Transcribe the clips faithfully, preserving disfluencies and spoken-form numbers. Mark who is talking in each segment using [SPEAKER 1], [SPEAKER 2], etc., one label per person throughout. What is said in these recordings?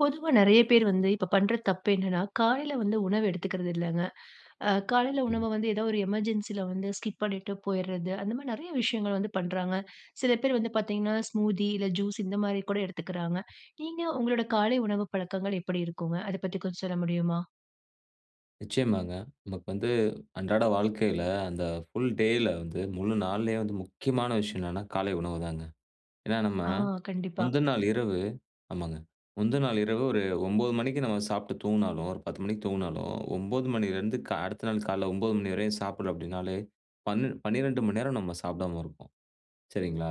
[SPEAKER 1] பொதுவா நெறைய பேர் வந்து இப்ப பண்ற தப்பு என்னான்னா, காலைல வந்து உணவு எடுத்துக்கறது இல்லங்க. அ காலைல உணவ வந்து ஏதாவது ஒரு எமர்ஜென்சில வந்து, ஸ்கிப் பண்ணிட்டு போயிர்றது, அந்த மாரி நெறைய விஷயங்கள் வந்து பண்றாங்க. சில பேர் வந்து பாத்தீங்கன்னா, ஸ்மூத்தி இல்ல ஜூஸ் இந்த மாரி கூட எடுத்துக்குறாங்க. நீங்க உங்கலோட காலை உணவு பழக்கங்கள் எப்படி இருக்குங்க, அத பத்தி கொஞ்சம் சொல்ல முடியுமா?
[SPEAKER 2] நிச்சயமாங்க. நமக்கு வந்து அன்றாட வாழ்க்கைல அந்த ஃபுல் டேல வந்து முழு நாள்லையே வந்து முக்கியமான விஷயம் என்னான்னா காலை உணவு தாங்க. ஏன்னா நம்ம
[SPEAKER 1] ஆ. கண்டிப்பா.
[SPEAKER 2] முந்தநாள் இரவு ஆமாங்க. முந்தநாள் இரவு ஒரு ஓம்பது மணிக்கு நம்ம சாப்ட்டு தூங்குனாலும், ஒரு பத்து மணிக்கு தூங்குனாலும், ஓம்பது மணிலேருந்து க அடுத்த நாள் காலைல ஓம்பது மணி வரையும் சாப்டல அப்டினாலே, பண் பனிரெண்டு மணி நேரம் நம்ம சாப்டாமல் இருப்போம், சரிங்களா?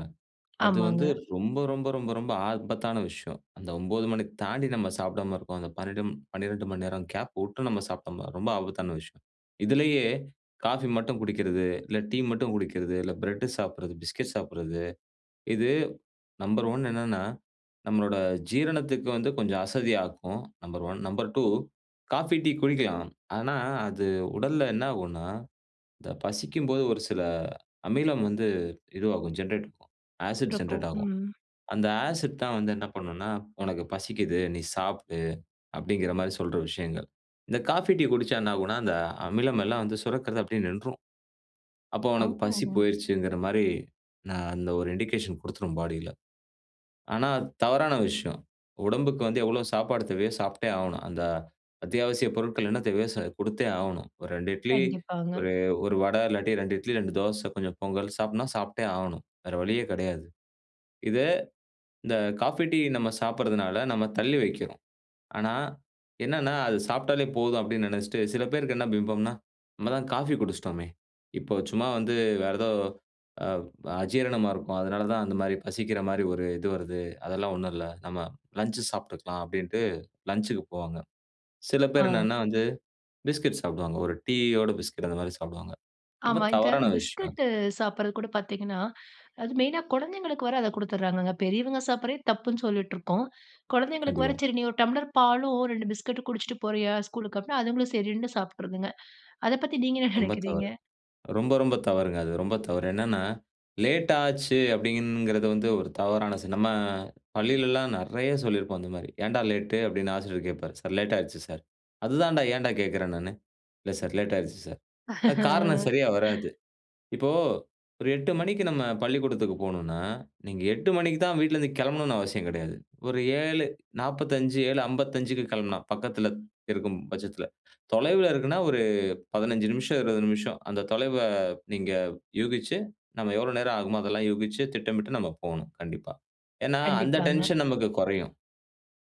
[SPEAKER 2] அது வந்து
[SPEAKER 1] ஆமாங்க.
[SPEAKER 2] ரொம்ப ரொம்ப ரொம்ப ரொம்ப ஆபத்தான விஷயம். அந்த ஓம்பது மணி தாண்டி நம்ம சாப்டாம இருக்கோம், அந்த பன்னென்டும் பன்னிரெண்டு மணி நேரம் கேப் விட்டு நம்ம சாப்பிட்டோம்னா ரொம்ப ஆபத்தான விஷயம். இதிலயே காஃபி மட்டும் குடிக்கிறது, இல்லை டீ மட்டும் குடிக்கிறது, இல்லை பிரெட்டு சாப்பிடுறது, பிஸ்கட் சாப்பிடுறது இது நம்பர் ஒன் என்னான்னா நம்மளோட ஜீரணத்துக்கு வந்து கொஞ்சம் அசதியாக்கும். Number one, number two coffee tea குடிக்கலாம். ஆனா அது உடல்ல என்னாகுன்னா இந்த பசிக்கும்போது ஒரு சில அமிலம் வந்து இதுவாகும், ஜென்ரேட் இருக்கும். ஆசிட்
[SPEAKER 1] சுரக்கும்.
[SPEAKER 2] ஜென்ரேட் ஆகும்.
[SPEAKER 1] ம்.
[SPEAKER 2] அந்த ஆசிட் தான் வந்து என்ன பண்ணுன்னா, "உனக்கு பசிக்குது நீ சாப்டு", அப்டிங்குற மாரி சொல்ற விஷயங்கள். இந்த காஃபி டீ குடிச்சா என்னாகுன்னா அந்த அமிலம் எல்லாம் வந்து சுரக்கிறது அப்படியே நின்றும். அப்போ உனக்கு பசி
[SPEAKER 1] ஆமாமா.
[SPEAKER 2] போயிருச்சுங்கிற மாரி நான் அந்த ஒரு இண்டிகேஷன் குடுத்ரும் பாடியில. ஆனா தவறான விஷயம், உடம்புக்கு வந்து எவ்வளோ சாப்பாடு தேவையோ சாப்ட்டே ஆகணும். அந்த அத்தியாவசியப் பொருட்கள் என்ன தேவையோ சா கொடுத்தே ஆகணும். ஒரு ரெண்டு இட்லி,
[SPEAKER 1] கண்டிப்பாங்க.
[SPEAKER 2] ஒரு ஒரு வடை இல்லாட்டி ரெண்டு இட்லி, ரெண்டு தோசை, கொஞ்சம் பொங்கல் சாப்டுன்னா சாப்ட்டே ஆகணும். வேற வழியே கெடையாது. இதை இந்த காஃபி டீ நம்ம சாப்பிடுறதுனால, நம்ம தள்ளி வைக்கிறோம். ஆனா, என்னென்னா அது சாப்ட்டாலே போதும் அப்படின்னு நினச்சுட்டு, சில பேருக்கு என்ன பிம்பம்ன்னா, "நம்ம தான் காஃபி குடிச்ட்டோமே, இப்ப சும்மா வந்து வேற ஏதோ அவ் அஜீரணமா இருக்கும், அதனால தான் அந்த மாரி பசிக்கிற மாரி ஒரு இது வருது. அதெல்லாம் ஒண்ணும் இல்லை, நம்ம லஞ்ச் சாப்ட்டுக்கலாம்" அப்படின்ட்டு லஞ்ச்க்கு போவாங்க. சில பேர்
[SPEAKER 1] ஆ.
[SPEAKER 2] என்னான்னா வந்து பிஸ்கட் சாப்டுவாங்க. ஒரு டீயோட பிஸ்கட் அந்த மாரி சாப்டுவாங்க ரொம்ப
[SPEAKER 1] ஆமா. இந்த
[SPEAKER 2] தவறான விஷயம் அது.
[SPEAKER 1] பிஸ்கட்டு சாப்பிட்றது கூட பாத்தீங்கன்னா, அது மெயினா கொழந்தைகளுக்கு வேற அத குடுத்துர்ராங்கங்க. பெரியவங்க சாப்பிர்றதே தப்புன்னு சொல்லிட்ருக்கோம். குழந்தைகளுக்கு வேற
[SPEAKER 2] கண்டிப்பா.
[SPEAKER 1] சரி, “நீ ஒரு டம்ப்ளர் பாலும் ரெண்டு பிஸ்கட்டு குடிச்ட்டு போறயா? அப்டின்னா அதுங்களும் சரின்னு சாப்ட்ருதுங்க. அத பத்தி நீங்க என்ன
[SPEAKER 2] ரொம்ப
[SPEAKER 1] நினைக்கிறீங்க?
[SPEAKER 2] தவறு. ரொம்ப ரொம்ப தவறுங்க. அது ரொம்ப தவறு. என்னான்னா, லேட் ஆச்சு அப்படிங்கிறது வந்து ஒரு தவறான சி நம்ம பள்ளியிலல்லாம் நிறைய சொல்லிருப்போம் அந்த மாரி. "ஏன்டா லேட்டு?" அப்படின்னு ஆசிரியர் கேப்பாரு. “சார், லேட் ஆயிருச்சு சார்.” "அதுதான் டா ஏன்டா கேக்குறேன் நானு." “இல்லை சார், லேட் ஆயிருச்சு சார்.” அ காரணம் சரியா வராது. இப்போ ஒரு எட்டு மணிக்கு நம்ம பள்ளிக்கூடத்துக்கு போனுன்னா, நீங்க எட்டு மணிக்கு தான் வீட்லருந்து கெளம்பனுன்னு அவசியம் கிடையாது. ஒரு ஏழ நாப்பதஞ்சு, இல்ல அம்பத்தஞ்சிக்கு கிளம்புனா பக்கத்துல, இருக்கும் பச்சத்தில. தொலைவில இருக்குன்னா ஒரு பதினேஞ்சு நிமிஷம், இருவது நிமிஷம், அந்த தொலைவ நீங்க யூகிச்சு, நம்ம எவ்ளோ நேரம் ஆகுமோ அதெல்லாம் யூகிச்சு திட்டமிட்டு நம்ப போணும். கண்டிப்பா. ஏன்னா அந்த
[SPEAKER 1] கண்டிப்பாங்க.
[SPEAKER 2] டென்ஷன் நமக்கு கொறையும்.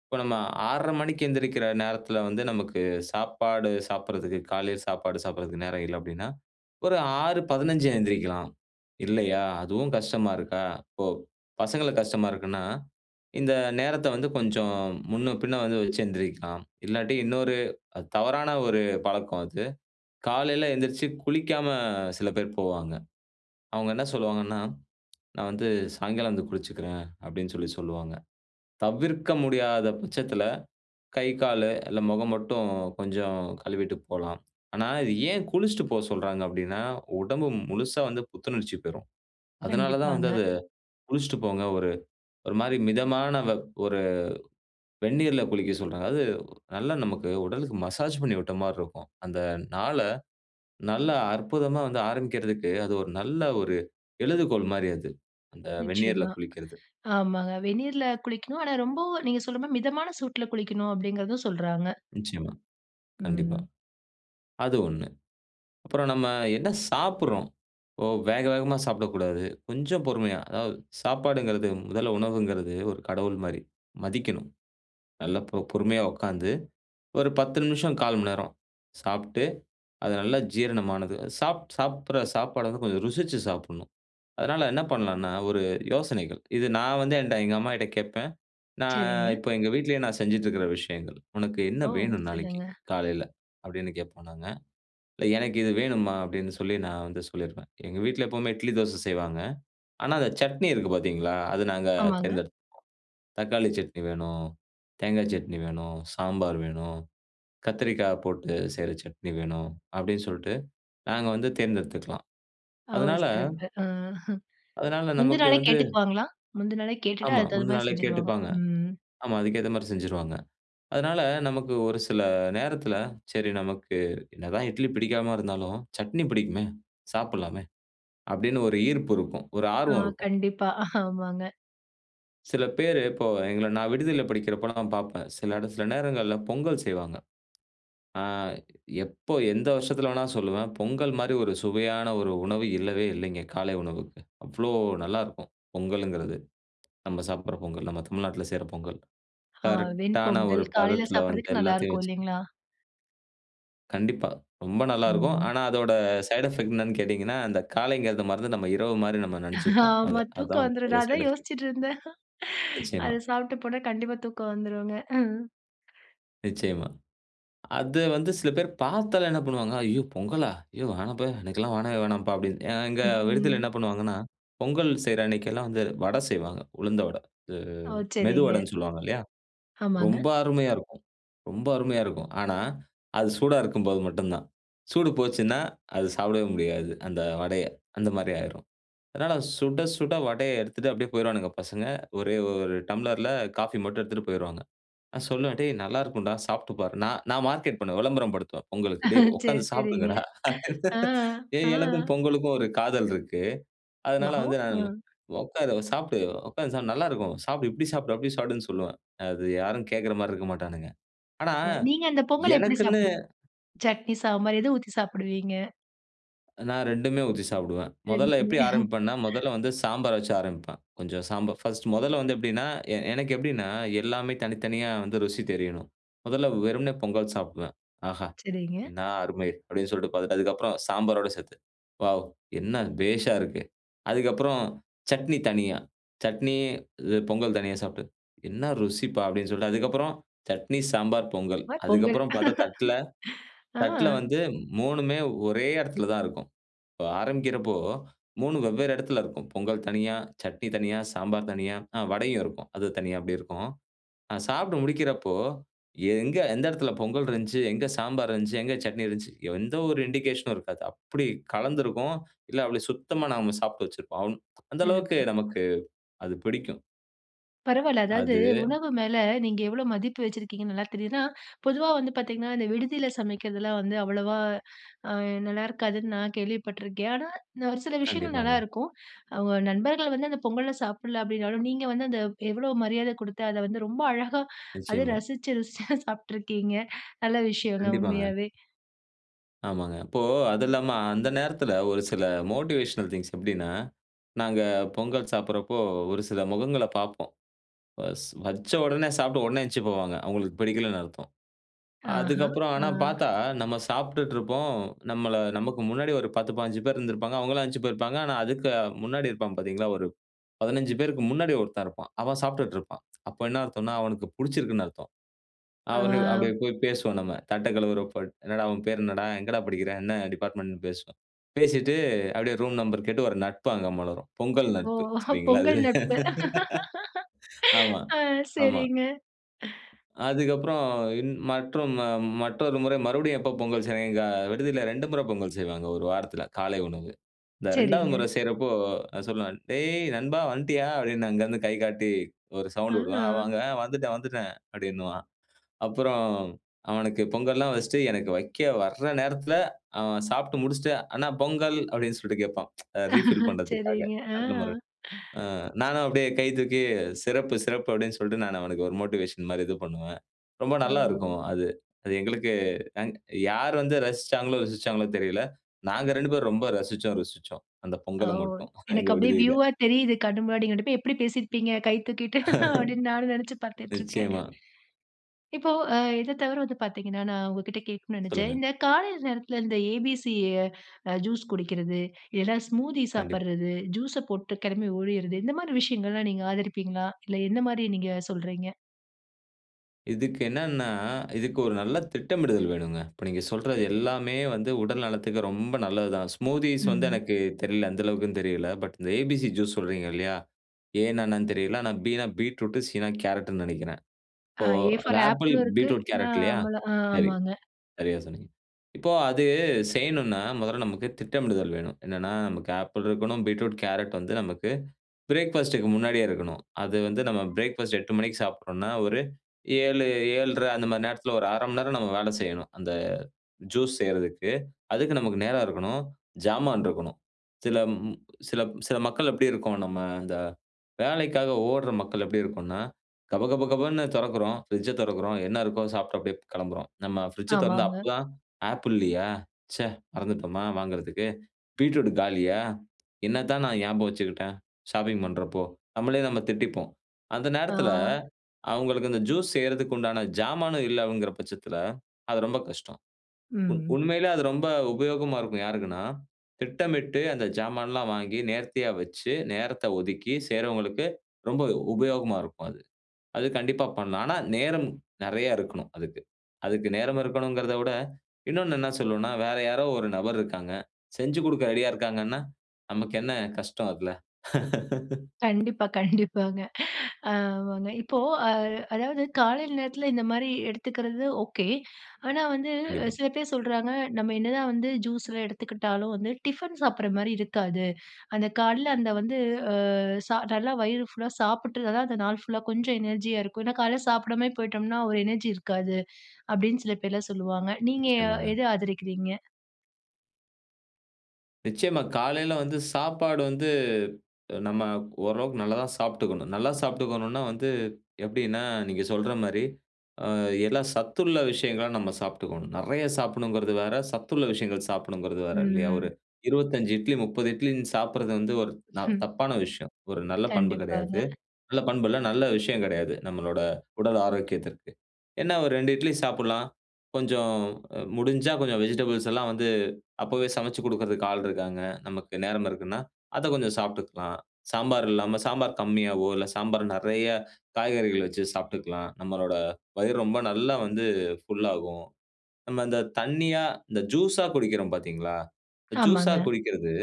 [SPEAKER 2] இப்போ நம்ம ஆர்ற மணிக்கு எந்திரிக்கிற நேரத்ல வந்து நமக்கு சாப்பாடு சாப்டறதுக்கு, காலைல சாப்பாடு சாப்டுறதுக்கு நேரம் இல்ல அப்டின்னா ஒரு ஆறு பதனெஞ்சா எந்திரிக்கலாம். இல்லையா? அதுவும் கஷ்டமா இருக்கா, இப்போ பசங்களுக்கு கஷ்டமா இருக்குன்னா இந்த நேரத்த வந்து கொஞ்சம் முன்ன பின்ன வந்து வச்சு எந்திரிக்கலாம். இல்லாட்டி இன்னொரு அது தவறான ஒரு பழக்கம் அது காலைல எந்திரிச்சி குளிக்காம சில பேர் போவாங்க. அவுங்க என்ன சொல்லுவாங்கன்னா, “நான் வந்து சாயங்காலம் வந்து குளிச்சிக்கிறேன்” அப்படின்னு சொல்லி சொல்லுவாங்க. தவிர்க்க முடியாத பச்சத்தில கை, காலு இல்லை முகம் மட்டும் கொஞ்சம் கழுவிட்டு போலாம். ஆனா, இது ஏன் குளிச்சிட்டு போ சொல்றாங்க அப்படின்னா, உடம்பு முழுசா வந்து புத்துணர்ச்சி பெறும். அதனால தான் வந்து
[SPEAKER 1] கண்டிப்பாங்க.
[SPEAKER 2] அது குளிச்சிட்டு போங்க. ஒரு ஒரு மாரி மிதமான வெப் ஒரு வெந்நீர்ல குளிக்க சொல்றாங்க. அது நல்ல நமக்கு உடலுக்கு மசாஜ் பண்ணி விட்ட மாரி இருக்கும். அந்த நாள நல்லா அற்புதமா வந்து ஆரம்பிக்கிறதுக்கு அது ஒரு நல்ல ஒரு எழுதுகோள் மாரி அது. அந்த வெந்நீர்ல
[SPEAKER 1] நிச்சயமா.
[SPEAKER 2] குளிக்கிறது.
[SPEAKER 1] ஆமாங்க, வெந்நீர்ல குளிக்கனும். ஆனா ரொம்பவும் நீங்க சொல்ற மாரி மிதமான சூட்ல குளிக்கணும் அப்டிங்குறதும் சொல்றாங்க.
[SPEAKER 2] நிச்சயமா. கண்டிப்பா.
[SPEAKER 1] ம்.
[SPEAKER 2] அது ஒண்ணு. அப்புறம் நம்ம என்ன சாப்புடுறோம், ஒ வேக வேகமா சாப்பிடக்கூடாது. கொஞ்சம் பொறுமையா, அதாவது சாப்பாடுங்கிறது முதல்ல உணவுங்கிறது ஒரு கடவுள் மாரி மதிக்கணும். நல்ல ப பொறுமையா உக்காந்து ஒரு பத்து நிமிஷம், கால் மணி நேரம் சாப்ட்டு, அது நல்லா ஜீரணமானது சாப் சாப்டுற சாப்பாடு வந்து கொஞ்சம் ருசிச்சு சாப்பிட்ணும். அதனால என்ன பண்ணலான்னா ஒரு யோசனைகள் இது நான் வந்து என்ட்ட எங்க அம்மாகிட்ட கேப்பேன். நான்
[SPEAKER 1] சரிங்க.
[SPEAKER 2] இப்ப எங்க வீட்லயே நான் செஞ்சுட்ருக்கிற விஷயங்கள், “உனக்கு என்ன
[SPEAKER 1] ஓ!
[SPEAKER 2] வேணும் நாளைக்கு
[SPEAKER 1] சொல்லுங்க.
[SPEAKER 2] காலைல?” அப்படின்னு கேட்போம் நாங்க. “இல்லை, எனக்கு இது வேணும்மா” அப்படின்னு சொல்லி நான் வந்து சொல்லிருவேன். எங்க வீட்ல எப்பவுமே இட்லி தோசை செய்வாங்க. ஆனா அந்த சட்னி இருக்கு பாத்தீங்களா, அது நாங்க
[SPEAKER 1] ஆமாங்க.
[SPEAKER 2] தேர்ந்தெடுத்துப்போம் "தக்காளி சட்னி வேணும், தேங்கா சட்னி வேணும், சாம்பார் வேணும், கத்திரிக்காய் போட்டு செய்ற சட்னி வேணும்" அப்படின்னு சொல்ட்டு நாங்க வந்து தேர்ந்தெடுத்துக்கலாம்.
[SPEAKER 1] ஆ ஓ!
[SPEAKER 2] அதனால
[SPEAKER 1] சிறப்பு! ஆஹ!
[SPEAKER 2] அதனால
[SPEAKER 1] முந்தி
[SPEAKER 2] நமக்கு
[SPEAKER 1] நாளே
[SPEAKER 2] வந்து
[SPEAKER 1] கேட்டுக்குவாங்களா? முந்தி நாளே கேட்டுட்டு
[SPEAKER 2] ஆமா.
[SPEAKER 1] அதுக் தகுந்த
[SPEAKER 2] முந்தி
[SPEAKER 1] மாரி
[SPEAKER 2] நாளே
[SPEAKER 1] செஞ்சுருவாங்க.
[SPEAKER 2] கேட்டுப்பாங்க.
[SPEAKER 1] ம்.
[SPEAKER 2] ஆமா. அதுக்கேத்த மாரி செஞ்சுருவாங்க. அதனால நமக்கு ஒரு சில நேரத்தில சரி, நமக்கு என்னதான் இட்லி பிடிக்காம இருந்தாலும் "சட்னி பிடிக்குமே, சாப்பிடலாமே" அப்படின்னு ஒரு ஈர்ப்பு இருக்கும். ஒரு
[SPEAKER 1] ஆ.
[SPEAKER 2] ஆர்வம் இருக்கும்.
[SPEAKER 1] கண்டிப்பா. ஆமாங்க.
[SPEAKER 2] சில பேரு இப்போ எங்கள நான் விடுதில படிக்கிறப்போ நான் பாப்பேன். சில இடத்துல சில நேரங்கள்ல பொங்கல் செய்வாங்க. ஆ எப்போ எந்த வருஷத்துல வேணா சொல்லுவேன், பொங்கல் மாரி ஒரு சுவையான ஒரு உணவு இல்லவே இல்லைங்க காலை உணவுக்கு. அவ்ளோ நல்லாருக்கும்! பொங்கலுங்குறது. நம்ம சாப்டுற பொங்கல், நம்ம தமிழ்நாட்டுல செய்ற பொங்கல்.
[SPEAKER 1] ஹா.
[SPEAKER 2] கரெக்ட்டான
[SPEAKER 1] வெண்பொங்கல்
[SPEAKER 2] ஒரு
[SPEAKER 1] காலைல
[SPEAKER 2] பதத்துல வந்து
[SPEAKER 1] சாப்டுறதுக்கு நல்லா
[SPEAKER 2] எல்லாத்தையும்
[SPEAKER 1] இருக்கும்
[SPEAKER 2] வெச்சு.
[SPEAKER 1] இல்லிங்களா?
[SPEAKER 2] கண்டிப்பா ரொம்ப நல்லாருக்கும்.
[SPEAKER 1] ம்ங்க.
[SPEAKER 2] ஆனா அதோட சைடு எஃபெக்ட் என்னென்னு கேட்டீங்கன்னா, அந்த காலைங்கிறத மறந்து நம்ம இரவு மாரி நம்ம நெனச்சிப்போம்.
[SPEAKER 1] ஆமா.
[SPEAKER 2] அது அதான்
[SPEAKER 1] தூக்கம்
[SPEAKER 2] வந்து
[SPEAKER 1] வந்துரும்.
[SPEAKER 2] பெரிய
[SPEAKER 1] நான்
[SPEAKER 2] சைட்
[SPEAKER 1] அதான்
[SPEAKER 2] எஃபெக்ட்.
[SPEAKER 1] யோசிச்சிட்டு இருந்தேன். அத
[SPEAKER 2] நிச்சயமா.
[SPEAKER 1] சாப்ட்டு போனா கண்டிப்பா தூக்கம் வந்துடுங்க. ஹம்.
[SPEAKER 2] நிச்சயமா. அது வந்து சில பேரு பாத்தாலே என்ன பண்ணுவாங்க, "ஐயோ! பொங்கலா? ஐயோ! வேணாம்ப்பா எனக்கெல்லாம் வேணவே வேணாம்ப்பா" அப்டின்னுட்டு இங்க விடுதில என்ன
[SPEAKER 1] ம்.
[SPEAKER 2] பண்ணுவாங்கன்னா, பொங்கல் செய்ற அன்னைக்கெல்லாம் வந்து வட செய்வாங்க உளுந்த வட, இது
[SPEAKER 1] ஓ! சரிங்க.
[SPEAKER 2] மெதுவடன்னு சொல்லுவாங்க இல்லயா?
[SPEAKER 1] ஆமாங்க.
[SPEAKER 2] ரொம்ப அருமையா இருக்கும். ரொம்ப அருமையா இருக்கும். ஆனா அது சூடா இருக்கும்போது மட்டும் தான். சூடு போச்சுன்னா, அது சாப்டவே முடியாது அந்த வடய. அந்த மாரி ஆய்ரும். அதனால சுட, சுட வடய எடுத்துட்டு அப்படியே போயிருவானுங்க பசங்க. ஒரே ஒரு டம்ளர்ல காஃபி மட்டும் எடுத்துட்டு போயிருவாங்க. நான் சொல்லுவேன், "டேய் நல்லா இருக்கும்டா, சாப்ட்டு பாரு". நான் நான் மார்க்கெட் பண்ணுவேன், விளம்பரம் படுத்துவேன் பொங்கலுக்கு, "டேய்
[SPEAKER 1] சரி,
[SPEAKER 2] உட்காந்து
[SPEAKER 1] சரிங்க.
[SPEAKER 2] சாப்டுங்கடா."
[SPEAKER 1] ஆ, அ.
[SPEAKER 2] ஏய் எனக்கும் பொங்கலுக்கும் ஒரு காதல் இருக்கு. அதனால
[SPEAKER 1] வஹோ,
[SPEAKER 2] வந்து நான்,
[SPEAKER 1] அ.
[SPEAKER 2] "உட்காரு சாப்டு. உட்காந்து சாப்டு. நல்லா இருக்கும். சாப்டு, இப்படி சாப்டு, அப்படி சாப்படுனு" சொல்லுவேன். அது யாரும் கேட்குற மாரி இருக்க மாட்டானுங்க. ஆனா,
[SPEAKER 1] நீங்க அந்த பொங்கல் எப்படி
[SPEAKER 2] எனக்குன்னு.
[SPEAKER 1] சாப்பிடுவீங்க? சட்னி, சாம்பார் எத ஊத்தி சாப்பிடுவீங்க?
[SPEAKER 2] நான் ரெண்டு மே ஊத்தி சாப்பிடுவேன். முதல்ல
[SPEAKER 1] ரெண்டுமே.
[SPEAKER 2] எப்பிடி ஆரம்பிப்பேன்னா, முதல்ல வந்து சாம்பார வச்சு ஆரம்பிப்பேன். கொஞ்சம் சாம்பார் ஃபர்ஸ்ட் முதல்ல வந்து எப்பிடீன்னா, எ எனக்கு எப்பிடீன்னா எல்லாமே தனித்தனியா வந்து ருசி தெரியணும். முதல்ல வெறுமனே பொங்கல் சாப்பிடுவேன். "ஆஹா
[SPEAKER 1] சரிங்க.
[SPEAKER 2] என்னா அருமை!" அப்பிடீன்னு சொல்லிட்டு பார்த்துட்டு அதுக்கப்புறம் சாம்பாரோட சேர்த்து, "வாவ்! என்ன பேஷா இருக்கு!" அதுக்கப்புறம் சட்னி தனியா, சட்னி இது பொங்கல் தனியா சாப்புட்டு. "என்ன ருசிப்பா!" அப்பிடீன்னு சொல்லிட்டு அதுக்கப்புறம் சட்னி, சாம்பார், பொங்கல்.
[SPEAKER 1] மாரி பொங்கல்.
[SPEAKER 2] அதுக்கப்புறம் பார்த்தா தட்டுல,
[SPEAKER 1] ஆ.
[SPEAKER 2] தட்டுல வந்து மூணு மே, ஒரே இடத்துல தான் இருக்கும். இப்ப ஆரம்பிக்கிறப்போ மூணு ம் வெவ்வேற இடத்துல இருக்கும். பொங்கல் தனியா, சட்னி தனியா, சாம்பார் தனியா, ஆ வடையும் இருக்கும். அது தனியா அப்பிடி இருக்கும். நான் சாப்டு முடிக்கிறப்போ, எங்க எந்த இடத்துல பொங்கல் இருந்துச்சு? எங்க சாம்பாரு இருந்துச்சு? எங்க சட்னி இருந்துச்சு? எந்த ஒரு இண்டிகேஷனும் இருக்காது. அப்பிடி கலந்திருக்கும். இல்ல, அப்பிடி சுத்தமா நாம சாப்டு வச்சிருப்போம். அம் அந்த அளவுக்கு
[SPEAKER 1] சிறப்பு!
[SPEAKER 2] நமக்கு அது பிடிக்கும்.
[SPEAKER 1] பரவாயில்ல. அதாவது
[SPEAKER 2] அது.
[SPEAKER 1] உணவு மேல, நீங்க எவ்வளோ மதிப்பு வச்சிருக்கீங்கன்னு நல்லா தெரியுது. ஏன்னா பொதுவா வந்து பார்த்தீங்கன்னா அந்த விடுதில சமைக்கிறதுலாம் வந்து அவ்வளவா அ நல்லாருக்காதுன்னு நான் கேள்விப்பட்டுருக்கேன். ஆனா, இந்த ஒரு சில விஷயங்கள்
[SPEAKER 2] கண்டிப்பாங்க.
[SPEAKER 1] நல்லாருக்கும். அவுங்க நண்பர்கள் வந்து அந்த பொங்கல சாப்பிடல அப்பிடீன்னாலும், நீங்க வந்து அந்த எவ்வளோ மரியாத குடுத்து, அதை வந்து ரொம்ப அழகா, அத
[SPEAKER 2] நிச்சயமா.
[SPEAKER 1] ரசிச்சு, ருசிச்சு சாப்டுருக்கீங்க. நல்ல விஷயங்க,
[SPEAKER 2] கண்டிப்பாங்க.
[SPEAKER 1] உண்மையாவே.
[SPEAKER 2] ஆமாங்க. இப்போ அது இல்லாம அந்த நேரத்துல ஒரு சில மோட்டிவேஷனல் திங்க்ஸ் எப்டின்னா, நாங்க பொங்கல் சாப்டுறப்போ ஒரு சில முகங்கள பாப்போம். வஸ் வச்ச உடனே சாப்ட்டு உடனே எந்ச்சு போவாங்க. அவங்களுக்கு பிடிக்கலன்னு அர்த்தம்.
[SPEAKER 1] ஆஹா,
[SPEAKER 2] அதுக்கப்புறம்
[SPEAKER 1] ஆ.
[SPEAKER 2] ஆனா பாத்தா நம்ம சாப்ட்டுட்டு இருப்போம். நம்மள நமக்கு முன்னாடி ஒரு பத்து, பாஞ்சி ப்பேரு இருந்திருப்பாங்க. அவங்கள எழுந்ச்சி போயிருப்பாங்க. ஆனா அதுக்கு முன்னாடி இருப்பாங்க பாத்தீங்களா, ஒரு பதுனஞ்சு பேருக்கு முன்னாடி ஒருத்தன் இருப்பான். அவன் சாப்ட்டுட்டு இருப்பான். அப்ப என்ன அர்த்தம்னா, அவனுக்கு பிடிச்சிருக்குன்னு அர்த்தம். அவரு
[SPEAKER 1] ஆ.
[SPEAKER 2] அப்டியே போய் பேசுவோம் நம்ம. தட்ட கழுவுறப்ப, "என்னடா? உன் பேர் என்னடா? எங்கடா படிக்கிற? என்ன டிபார்ட்மென்ட்னு" பேசுவோம். பேசிட்டு அப்டியே ரூம் நம்பர் கேட்டு, ஒரு நட்பு அங்க மலரும். பொங்கல்
[SPEAKER 1] ஓ!
[SPEAKER 2] நட்பு. சரிங்களா அது?
[SPEAKER 1] பொங்கல் நட்பு.
[SPEAKER 2] ஆமா
[SPEAKER 1] ஆ,
[SPEAKER 2] ஆமா.
[SPEAKER 1] சரிங்க.
[SPEAKER 2] அதுக்கு அப்புறம் இன்னொ மற்ற மற்றொரு முறை மறுபடியும் எப்போ பொங்கல் செய்றாங்க. எங்க விடுதில ரெண்டு முறை பொங்கல் செய்வாங்க. ஒரு வாரத்துல காலை உணவு. இந்த இரண்டாவது
[SPEAKER 1] செரிங்க.
[SPEAKER 2] முறை செய்யுறப்போ நான் சொல்லுவேன், "டேய் நண்பா! வன்ட்டீயா?" அப்டின்னு அங்கருந்து கை காட்டி ஒரு சவுண்டு வுடுவேன். அவா
[SPEAKER 1] ஆ.
[SPEAKER 2] அவங்க "வந்துட்டேன், வந்துட்டேன்" அப்டின்னுவான். அப்புறம் அவனுக்கு பொங்கல்லாம் வெச்சுட்டு, எனக்கு வெக்க வர நேரத்துல அவன் சாப்ட்டு முடிச்சுட்டு, "அண்ணா பொங்கல்", அப்டின்னு சொல்லிட்டு கேப்பான். ரீஃபில் பண்றதுக்காக
[SPEAKER 1] சரிங்க ஆ.
[SPEAKER 2] அடுத்த முற. ஆ நானும் அப்டியே கை தூக்கி, "சிறப்பு! சிறப்பு!" அப்டின்னு சொல்ட்டு நான் அவனுக்கு ஒரு மோட்டிவேஷன் மாரி இது பண்ணுவேன். ரொம்ப நல்லா இருக்கும்
[SPEAKER 1] ஓ!
[SPEAKER 2] அது. அது எங்களுக்கு அ யார் வந்து ரசிச்சாங்களோ, ருசிச்சாங்களோ தெரியல. நாங்க ரெண்டு பேரும் ரொம்ப ரசிச்சோம், ருசிச்சோம். அந்த
[SPEAKER 1] ஓ!
[SPEAKER 2] பொங்கல மட்டும், எங்க
[SPEAKER 1] எனக்கு அப்டியே
[SPEAKER 2] விடுதில.
[SPEAKER 1] வியூவா தெரியுது கண் முன்னாடி, நீங்க இரண்டு பேரும் எப்டி பேசிருப்பீங்க கை தூக்கிட்டு, அப்டின்னு நானும் நெனச்சு பாத்துட்டுருக்கேன்.
[SPEAKER 2] நிச்சயமா.
[SPEAKER 1] இப்போ அ இத தவிர வந்து பாத்தீங்கனா, நான் உங்கிட்ட கேட்கனும் நெனச்சேன்.
[SPEAKER 2] சொல்லுங்க.
[SPEAKER 1] இந்த காலை நேரத்துல இந்த ஏ.பி.சி ஜூஸ் குடிக்குறது, இல்லன்னா ஸ்மூதி
[SPEAKER 2] கண்டிப்பா.
[SPEAKER 1] சாப்புறது. ஜூஸ் ச போட்டு கிளம்பி ஒடிறது இந்த மாரி விஷயங்கள்லாம் நீங்க ஆதரிப்பீங்களா? இல்ல என்ன மாரி நீங்க சொல்றீங்க?
[SPEAKER 2] இதுக்கு என்னன்னா, இதுக்கு ஒரு நல்ல திட்டமிடுதல் வேணுங்க. இப்போ நீங்க சொல்றது எல்லாமே வந்து, உடல் நலத்துக்கு ரொம்ப நல்லது தான். ஸ்மூத்தீஸ் வந்து
[SPEAKER 1] ம்.
[SPEAKER 2] எனக்கு தெரியல. எந்த அளவுக்குன்னு தெரியல. பட் இந்த ஏபிசி ஜூஸ் சொல்றீங்க இல்லையா ஏனா என்னன்னு தெரியல. ஆனா பினா பீட்ரூட். சினா கேரட்டுன்னு நினைக்கிறேன். இப்போ
[SPEAKER 1] ஏ
[SPEAKER 2] அந்த
[SPEAKER 1] ஃபார்
[SPEAKER 2] ஆப்பிள்,
[SPEAKER 1] ஆப்பிளும் இருக்கு.
[SPEAKER 2] பீட்ரூட், கேரட் இல்லையா?
[SPEAKER 1] நம்மளும்
[SPEAKER 2] சரி
[SPEAKER 1] ஆமாங்க.
[SPEAKER 2] சரியா சொன்னீங்க. இப்போ அது, செய்யணும்னா முதல்ல நமக்கு திட்டமிடுதல் வேணும். என்னன்னா நமக்கு ஆப்பிள் இருக்கணும், பீட்ரூட், கேரட் வந்து நமக்கு பிரேக்ஃபாஸ்ட் க்கு முன்னாடியே இருக்கணும். அது வந்து நம்ம பிரேக்ஃபாஸ்ட் எட்டு மணிக்கு சாப்பிடுறோம்னா ஒரு ஏழு, ஏழ்ர அந்த மாரி நேரத்துல, ஒரு அரை மணி நேரம், நம்ம வேலை செய்யணும். அந்த ஜூஸ் செய்றதுக்கு. அதுக்கு நமக்கு நேரம் இருக்கணும். ஜாமான் இருக்கணும். சில ம் ம் சில சில மக்கள் எப்பிடி இருக்கோம்? நம்ம அந்த வேலைக்காக ஓடுற மக்கள் எப்பிடி இருக்கோம்னா, கப கப கபன்னு தொறக்குறோம். பிரிட்ஜ்ஐ தொறக்கிறோம். என்னா இருக்கோ, சாப்புட்டு அப்பிடியே கிளம்புறோம். நம்ம பிரிட்ஜ்ஐ தொறந்தா,
[SPEAKER 1] ஆமாங்க.
[SPEAKER 2] அப்போது தான் "ஆப்பிள் இல்லையா? ச்சே மறந்துட்டோமா வாங்குறதுக்கு. பீட்ரூட் காலியா? என்னத்தான் நான் ஞாபகம் வச்சுக்கிட்டேன், ஷாப்பிங் பண்றப்போ?" நம்மளே நம்ம திட்டிப்போம். அந்த
[SPEAKER 1] ஆ.
[SPEAKER 2] நேரத்துல, அவங்களுக்கு இந்த ஜூஸ் செய்யறதுக்கு உண்டான ஜாமானும் இல்லவங்குற பட்சத்துல, அது ரொம்ப கஷ்டம். உ
[SPEAKER 1] ம்.
[SPEAKER 2] உண்மையிலயே அது ரொம்ப உபயோகமா இருக்கும், யாருக்குன்னா? திட்டமிட்டு, அந்த ஜாமான்லாம் வாங்கி, நேர்த்தியா வச்சு, நேரத்த ஒதுக்கி செய்றவங்களுக்கு ரொம்ப உபயோகமா இருக்கும், அது. அது கண்டிப்பா பண்ணலாம். ஆனா நேரம் நெறைய இருக்கணும் அதுக்கு. அதுக்கு நேரம் இருக்கணும்ங்கிறத விட, இன்னொண்ணு என்ன சொல்லணும்னா, வேற யாரோ ஒரு நபர் இருக்காங்க. செஞ்சு குடுக்க ரெடியா இருக்காங்கன்னா, நமக்கு என்ன கஷ்டம் அதுல.
[SPEAKER 1] கண்டிப்பா. கண்டிப்பாங்க. ஆமாங்க. இப்போ அ அதாவது காலை நேரத்துல இந்த மாரி எடுத்துக்கிறது, ஓகே. ஆனா வந்து
[SPEAKER 2] கண்டிப்பா.
[SPEAKER 1] சில பேரு சொல்றாங்க. நம்ம என்னதான் வந்து ஜூஸ் லாம் எடுத்துக்கிட்டாலும் வந்து, டிஃபன் சாப்பிடுற மாரி இருக்காது. அந்த கால்ல அந்த வந்து, அ சா நல்லா வயிறு ஃபுல்லா சாப்பிட்டா தான், அந்த நாள் ஃபுல்லா கொஞ்சம் எனர்ஜியா இருக்கும். ஏன்னா கால்ல சாப்பிடாமயே போயிட்டோம்னா ஒரு எனர்ஜி இருக்காது. அப்பிடீன்னு சில பேர்லாம் சொல்லுவாங்க. நீங்க அ
[SPEAKER 2] நிச்சயமாங்க.
[SPEAKER 1] எது ஆதரிக்கிறீங்க?
[SPEAKER 2] நிச்சயமா. காலைல வந்து சாப்பாடு வந்து, நம்ம ஓரளவுக்கு நல்லா தான் சாப்பிட்டுக்கணும். நல்லா சாப்பிட்டுக்கணும்னா, வந்து எப்பிடீன்னா, நீங்க சொல்ற மாரி அ எல்லா சத்துள்ள விஷயங்கள நம்ம சாப்பிட்டுக்கணும். நெறைய சாப்பிடணும்ங்கிறது வேற, சத்துள்ள விஷயங்கள் சாப்பிடணும்ங்கிறது வேற,
[SPEAKER 1] ம்,
[SPEAKER 2] இல்லையா? ஒரு
[SPEAKER 1] ம்.
[SPEAKER 2] இருவத்தஞ்சு இட்லி, முப்பது இட்லினு சாப்பிடுறது வந்து ந ஒரு
[SPEAKER 1] ம்.
[SPEAKER 2] தப்பான விஷயம். ஒரு நல்ல பண்பு கெடையாது.
[SPEAKER 1] கண்டிப்பாங்க.
[SPEAKER 2] நல்ல பண்பு இல்ல. நல்ல விஷயங்கெடையாது. நம்மளோட உடல் ஆரோக்கியத்திற்கு. என்ன ஒரு ரெண்டு இட்லி சாப்புடலாம். கொஞ்சம் அ முடிஞ்சா, கொஞ்சம் வெஜிடபிள்ஸ் எல்லாம் வந்து, அப்பவே சமைச்சு குடுக்குறதுக்கு ஆள் இருக்காங்க. நமக்கு நேரம் இருக்குன்னா, அதை கொஞ்சம் சாப்புட்டுக்கலாம். சாம்பார் இல்லாம, சாம்பார் கம்மியாவோ, இல்ல சாம்பார் நெறைய காய்கறிகள் வச்சு சாப்பிட்டுக்கலாம். நம்மளோட வயிறு ரொம்ப நல்லா வந்து ஃபுல் ஆகும். நம்ம இந்த தண்ணியா, இந்த ஜூஸ்ஸா குடிக்கிறோம், பார்த்தீங்களா? இந்த ஜூஸ்ஸா
[SPEAKER 1] ஆமாங்க.
[SPEAKER 2] குடிக்கிறது,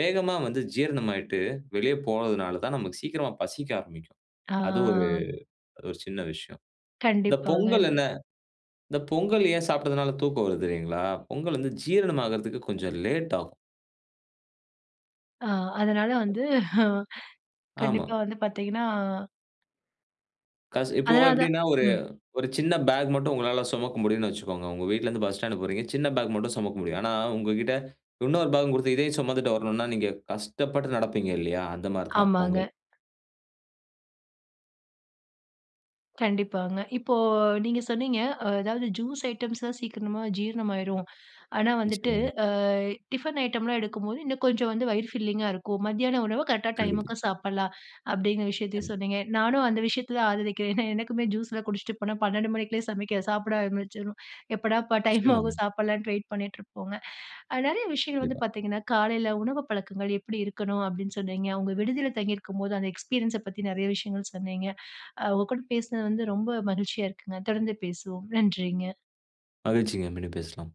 [SPEAKER 2] வேகமா வந்து ஜீரணமாகிட்டு, வெளிய போறதுனால தான் நமக்கு சீக்கிரமா பசிக்க ஆரம்பிக்கும்.
[SPEAKER 1] ஆ.
[SPEAKER 2] அது ஒரு அது ஒரு சின்ன விஷயம். இந்த பொங்கல்
[SPEAKER 1] கண்டிப்பாங்க.
[SPEAKER 2] என்ன? இந்த பொங்கல் ஏன் சாப்பிட்டதுனால தூக்கம் வருது தெரியுங்களா? பொங்கல் வந்து ஜீரணமாகுறதுக்கு கொஞ்சம் லேட் ஆகும்.
[SPEAKER 1] அ. அதனால் வந்து
[SPEAKER 2] ஆமா.
[SPEAKER 1] கண்டிப்பா வந்து பாத்தீங்கன்னா.
[SPEAKER 2] கஷ் இப்போ
[SPEAKER 1] அதனால தான்.
[SPEAKER 2] எப்பிடீன்னா, ஒரு
[SPEAKER 1] ம்.
[SPEAKER 2] ஒரு சின்ன பேக் மட்டும், உங்களா சுமக்க முடியும்ன்னு வச்சுக்கோங்க. உங்க வீட்ல இருந்து பஸ் ஸ்டாண்ட் போறீங்க. சின்ன பேக் மட்டும் சுமக்க முடியும். ஆனா உங்ககிட்ட இன்னொரு பேக்கும் குடுத்து இதயும் சுமந்துட்டு வரணும்னா நீங்க கஷ்டப்பட்டு நடப்பீங்க, இல்லையா. அந்த மாரி தான்
[SPEAKER 1] ஆமாங்க.
[SPEAKER 2] பொங்கல்.
[SPEAKER 1] கண்டிப்பாங்க. இப்போ நீங்க சொன்னீங்க. அதாவது ஜூஸ் ஐட்டம்ஸ் தான் சீக்கிரமா ஜீரணமாயிரும். ஆனா, வந்துட்டு
[SPEAKER 2] நிச்சயமாங்க.
[SPEAKER 1] அ டிஃபன் ஐட்டம்லாம் எடுக்கும்போது, இன்னும் கொஞ்சம் வந்து வயிறு ஃபில்லிங்கா இருக்கும். மத்தியானம் உணவு கரெக்டா
[SPEAKER 2] கண்டிப்பா.
[SPEAKER 1] டைமுக்கு சாப்புடலாம், அப்படீங்கிற விஷயத்தையும்
[SPEAKER 2] நிச்சயமா.
[SPEAKER 1] சொன்னீங்க. நானும் அந்த விஷயத்த தான் ஆதரிக்கிறேன். ஏன்னா எனக்குமே ஜூஸ் லாம் குடிச்சிட்டு போனா பன்னென்டு மணிக்குள்ளயே சமைக்க சாப்பிட ஆரம்பிச்சுருவோம். எப்படாப்பா டைம்
[SPEAKER 2] நிச்சயமாங்க.
[SPEAKER 1] ஆகும்? சாப்பிடலான்னு வெயிட் பண்ணிட்டு இருப்போங்க. நிறைய விஷயங்கள் வந்து
[SPEAKER 2] கண்டிப்பா.
[SPEAKER 1] பார்த்தீங்கன்னா, காலைல உணவு பழக்கங்கள் எப்படி இருக்கணும் அப்படீன்னு சொன்னீங்க. அவுங்க விடுதில தங்கி இருக்கும்போது அந்த எக்ஸ்பீரியன்ஸ பத்தி நெறைய விஷயங்கள் சொன்னீங்க. அ உங்க கூட பேசினது வந்து ரொம்ப மகிழ்ச்சியா இருக்குங்க. தொடர்ந்து பேசுவோம். நன்றிங்க.
[SPEAKER 2] மகிழ்ச்சிங்க. மீண்டும் பேசலாம்.